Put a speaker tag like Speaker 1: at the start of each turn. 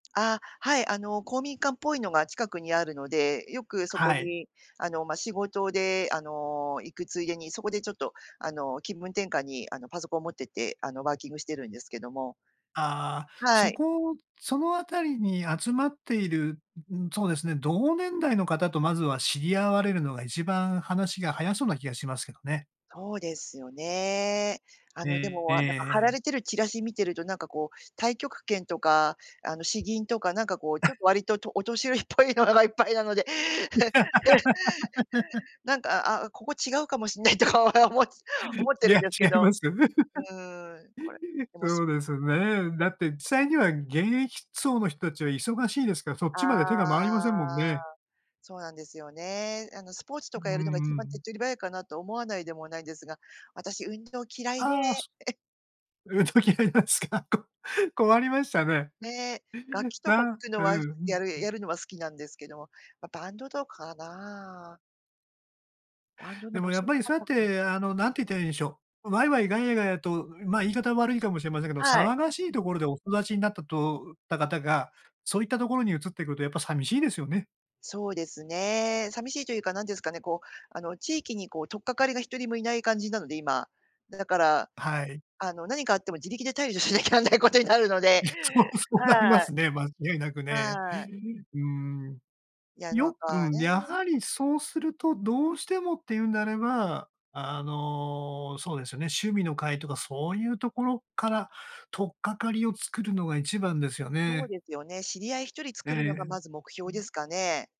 Speaker 1: あ、はい、あの、公民館っぽいのが近くにあるので、よくそこ
Speaker 2: はい。
Speaker 1: に、あの、ま、仕事で、あの、行くついでにそこでちょっと、あの、気分転換に、あの、パソコン持ってて、あの、ワーキングしてるんですけども。
Speaker 2: あ、
Speaker 1: は
Speaker 2: そ
Speaker 1: い。
Speaker 2: こそのあたりに集まっている、うん、そうですね、同年代の方とまずは知り合われるのが、一番話が早そうな気がしますけどね。
Speaker 1: そうですよね。あの、で
Speaker 2: え
Speaker 1: も、はなんか貼ら
Speaker 2: ええ。
Speaker 1: れてるチラシ見てると、なんかこう太極拳とか、あの、詩吟とか、なんかこう、ちょっ と割と、とお年寄りっぽいのががいっぱいなので、なんか、あ、ここ違うかもしんないとか、おおも思って
Speaker 2: い
Speaker 1: るん
Speaker 2: や、
Speaker 1: ですけ
Speaker 2: 違い
Speaker 1: ど。
Speaker 2: ますよ。
Speaker 1: うーん、これ、でも
Speaker 2: そうですね。だって実際には現役層の人たちは忙しいですから、そっちまで手
Speaker 1: あ
Speaker 2: が回りませんもん
Speaker 1: あ。
Speaker 2: ね。
Speaker 1: そうなんですよね。あの、スポーツ
Speaker 2: う
Speaker 1: とかやるのが
Speaker 2: ん
Speaker 1: 一
Speaker 2: う
Speaker 1: 番手っ
Speaker 2: ん。
Speaker 1: 取り早いかな？と思わないでもないんですが、私運動嫌いで。
Speaker 2: ああ、そ 運動嫌いなんすか？困りましたね。
Speaker 1: ね、楽
Speaker 2: う
Speaker 1: 器と
Speaker 2: な
Speaker 1: か
Speaker 2: ん
Speaker 1: くの
Speaker 2: うう
Speaker 1: は
Speaker 2: うん、
Speaker 1: やる
Speaker 2: う
Speaker 1: や
Speaker 2: ん。
Speaker 1: るのは好きなんですけども、ま、バンドとかな？バンドの
Speaker 2: でも、
Speaker 1: 募
Speaker 2: やっ
Speaker 1: 集
Speaker 2: ぱ
Speaker 1: な
Speaker 2: り
Speaker 1: か
Speaker 2: そうやっ
Speaker 1: ったな
Speaker 2: て、あの、何て言ったらいいんでしょう。ワイワイガヤガヤと、ま、言い方は悪いかもしれませんけど、
Speaker 1: はい。
Speaker 2: 騒がしいところでお育ちになったとうった方が、そういったところに移っていくとやっぱ寂しいですよね。
Speaker 1: そうですね、寂しいというか、なんて言うんすかね、こう、あの、地域にこう、取っ掛かりが一人も居ない感じなので、今。だから、
Speaker 2: はい。
Speaker 1: あの、何かあっても自力で対処しなきゃなんないことになるので、
Speaker 2: いや、そうそうなりま
Speaker 1: はい。
Speaker 2: すね、間違いなくね。
Speaker 1: はい。
Speaker 2: うん。
Speaker 1: いやなん
Speaker 2: よく、
Speaker 1: か、
Speaker 2: や
Speaker 1: ね。
Speaker 2: はりそうすると、どうしてもっていうんであれば、あの、そうですよね、趣味の会とかそういうところから、取っ掛かりを作るのが一番ですよ
Speaker 1: そう
Speaker 2: ね。
Speaker 1: ですよね、知り合い一人
Speaker 2: ええ、
Speaker 1: 作るのがまず目
Speaker 2: う
Speaker 1: 標で
Speaker 2: ん。
Speaker 1: すかね？